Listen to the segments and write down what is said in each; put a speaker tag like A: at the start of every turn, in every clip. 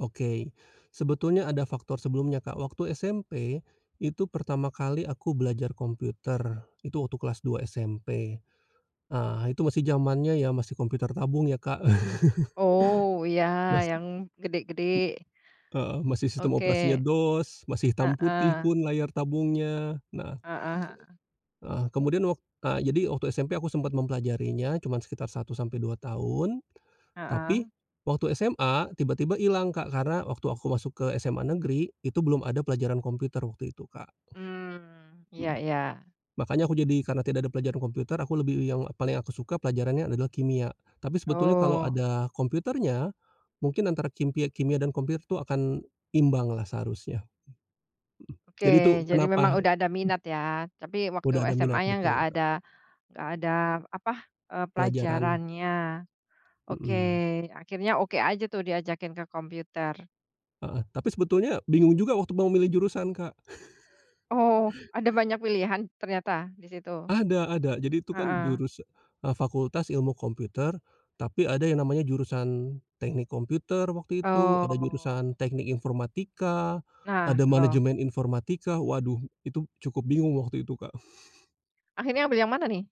A: Oke, sebetulnya ada faktor sebelumnya, Kak, waktu SMP, itu pertama kali aku belajar komputer, itu waktu kelas 2 SMP. Ah, itu masih zamannya ya, masih komputer tabung ya, Kak.
B: Oh, ya
A: Masih,
B: yang
A: m
B: gede-gede.
A: heeh, masih sistem operasinya
B: Oke,
A: DOS, masih hitam putih
B: heeh.
A: pun layar tabungnya, nah
B: Heeh heeh.
A: heeh, kemudian wak a jadi waktu SMP aku sempat mempelajarinya cuman sekitar 1 sampai 2 tahun. Tapi,
B: Heeh.
A: waktu SMA tiba tiba ilang, Kak, karena waktu aku masuk ke SMA Negeri itu belum ada pelajaran komputer waktu itu, Kak.
B: Mmm, iya
A: Mhm,
B: iya.
A: makanya aku jadi karena tidak ada pelajaran komputer aku lebih yang paling aku suka pelajarannya adalah kimia, tapi sebetulnya kalau
B: Oh.
A: ada komputernya mungkin antara kimpia kimia dan komputernya tuh akan imbang lah seharusnya. Mhm,
B: Oke,
A: jadi tuh
B: jadi memang
A: kenapa
B: udah ada
A: hmm.
B: minat ya, tapi waktu
A: Udah ada minat
B: SMA-nya nggak
A: betul, Kak.
B: ada nggak ada apa eee,
A: Pelajaran.
B: pelajarannya. Oke,
A: Mhm.
B: akhirnya oke aja tuh diajakin ke komputer.
A: Heeh, tapi sebetulnya bingung juga waktu mau milih jurusan, Kak.
B: Oh, ada banyak pilihan ternyata di situ?
A: Ada ada jadi tuh kan
B: Heeh.
A: jurusa eee, fakultas ilmu komputer tapi ada yang namanya jurusan teknik komputer waktu itu, ada
B: Oh.
A: jurusan teknik informatika,
B: Nah,
A: ada
B: loh.
A: manajemen informatika, waduh itu cukup bingung waktu itu, Kak.
B: Akhirnya ambil yang mana nih?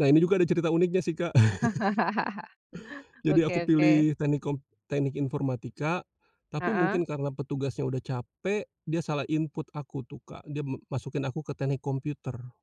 A: Nah, ini juga ada cerita uniknya sih, Kak. Jadi
B: Oke
A: aku
B: oke
A: pilih teknik kom teknik informatika. Tapi
B: Heeh.
A: mungkin karena petugasnya udah capek, dia salah input aku tuh, Kak, dia m masukin aku ke teknik komputer.